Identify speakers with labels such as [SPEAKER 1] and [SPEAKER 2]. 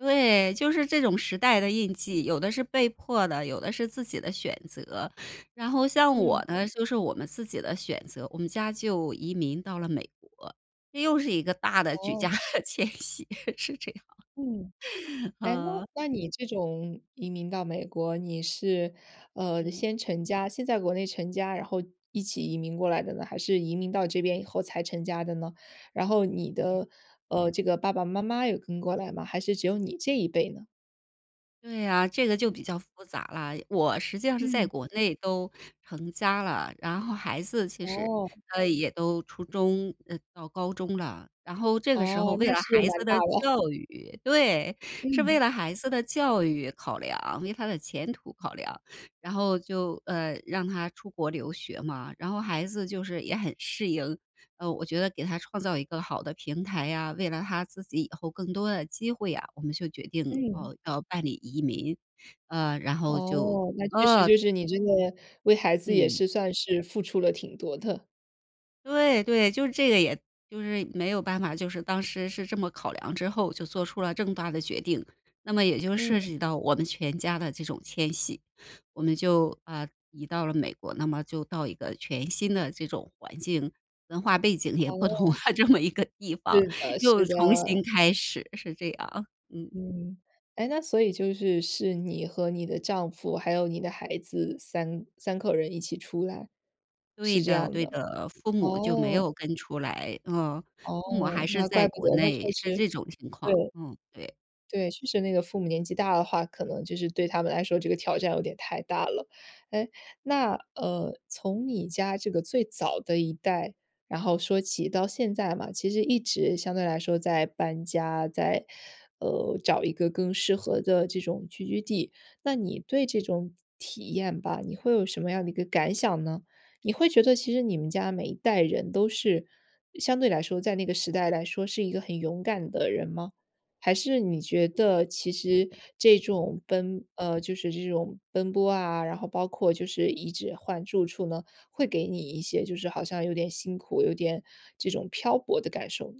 [SPEAKER 1] 对，就是这种时代的印记，有的是被迫的，有的是自己的选择。然后像我
[SPEAKER 2] 嗯。
[SPEAKER 1] 呢，就是我们自己的选择，我们家就移民到了美国。这又是一个大的举
[SPEAKER 2] 哦。
[SPEAKER 1] 家 迁徙，是这样。
[SPEAKER 2] 嗯。诶，那
[SPEAKER 1] 呵。
[SPEAKER 2] 那你这种移民到美国，你是，呃，
[SPEAKER 1] 嗯。
[SPEAKER 2] 先成家先在国内成家，然后一起移民过来的呢？还是移民到这边以后才成家的呢？然后你的，呃，这个爸爸妈妈有跟过来吗？还是只有你这一辈呢？
[SPEAKER 1] 对呀，这个就
[SPEAKER 2] 嗯。
[SPEAKER 1] 比较复杂了。我实际上是在
[SPEAKER 2] 嗯。
[SPEAKER 1] 国内都成家了，然后孩子其实
[SPEAKER 2] 哦。
[SPEAKER 1] 啊也都初中呃，到高中了，然后这个时候
[SPEAKER 2] 哦，
[SPEAKER 1] 为
[SPEAKER 2] 那
[SPEAKER 1] 了
[SPEAKER 2] 是
[SPEAKER 1] 孩
[SPEAKER 2] 蛮
[SPEAKER 1] 子
[SPEAKER 2] 大
[SPEAKER 1] 的
[SPEAKER 2] 了。
[SPEAKER 1] 教育，对！是为
[SPEAKER 2] 嗯。
[SPEAKER 1] 了孩子的教育考量，为他的前途考量，然后就呃，让他出国留学嘛，然后孩子就是也很适应。呃，我觉得给他创造一个好的平台呀，为了他自己以后更多的机会啊，我们就决定
[SPEAKER 2] 嗯。
[SPEAKER 1] 要要办理移民。呃，然后就
[SPEAKER 2] 哦，那确实
[SPEAKER 1] 呃
[SPEAKER 2] 就是你真的为孩子也
[SPEAKER 1] 嗯。
[SPEAKER 2] 是算是付出了挺多的。
[SPEAKER 1] 对对，就是这个也就是没有办法，就是当时是这么考量之后就做出了这么大的决定，那么也就涉
[SPEAKER 2] 嗯。
[SPEAKER 1] 及到我们全家的这种迁徙。我们就，啊，移到了美国，那么就到一个全新的这种环境文化背景也不同了
[SPEAKER 2] 哦。
[SPEAKER 1] 这么一个地方，
[SPEAKER 2] 是的是
[SPEAKER 1] 又
[SPEAKER 2] 的。
[SPEAKER 1] 重新开始，是这样。嗯。
[SPEAKER 2] 嗯。诶，那所以就是是你和你的丈夫，还有你的孩子33口人一起出来？
[SPEAKER 1] 对
[SPEAKER 2] 是这
[SPEAKER 1] 的
[SPEAKER 2] 样
[SPEAKER 1] 对
[SPEAKER 2] 的，
[SPEAKER 1] 的。父母就没
[SPEAKER 2] 哦。
[SPEAKER 1] 有跟出来，呃。父母还
[SPEAKER 2] 哦，
[SPEAKER 1] 是
[SPEAKER 2] 那
[SPEAKER 1] 在
[SPEAKER 2] 怪不
[SPEAKER 1] 国
[SPEAKER 2] 得，那
[SPEAKER 1] 内，
[SPEAKER 2] 确
[SPEAKER 1] 是
[SPEAKER 2] 实
[SPEAKER 1] 这种情况。
[SPEAKER 2] 对。
[SPEAKER 1] 嗯，对。
[SPEAKER 2] 对，确实那个父母年纪大的话，可能就是对他们来说这个挑战有点太大了。诶，那，呃，从你家这个最早的一代，然后说起到现在嘛，其实一直相对来说在搬家，在呃，找一个更适合的这种聚居地。那你对这种体验吧，你会有什么样的一个感想呢？你会觉得其实你们家每一代人都是相对来说在那个时代来说是一个很勇敢的人吗？还是你觉得其
[SPEAKER 1] 对
[SPEAKER 2] 实
[SPEAKER 1] 的。
[SPEAKER 2] 这种
[SPEAKER 1] 嗯。
[SPEAKER 2] 奔呃，就是这种奔波啊，然后包括就是一直换住处呢，会给你一些就是好像有点辛苦，有点这种漂泊的感受呢？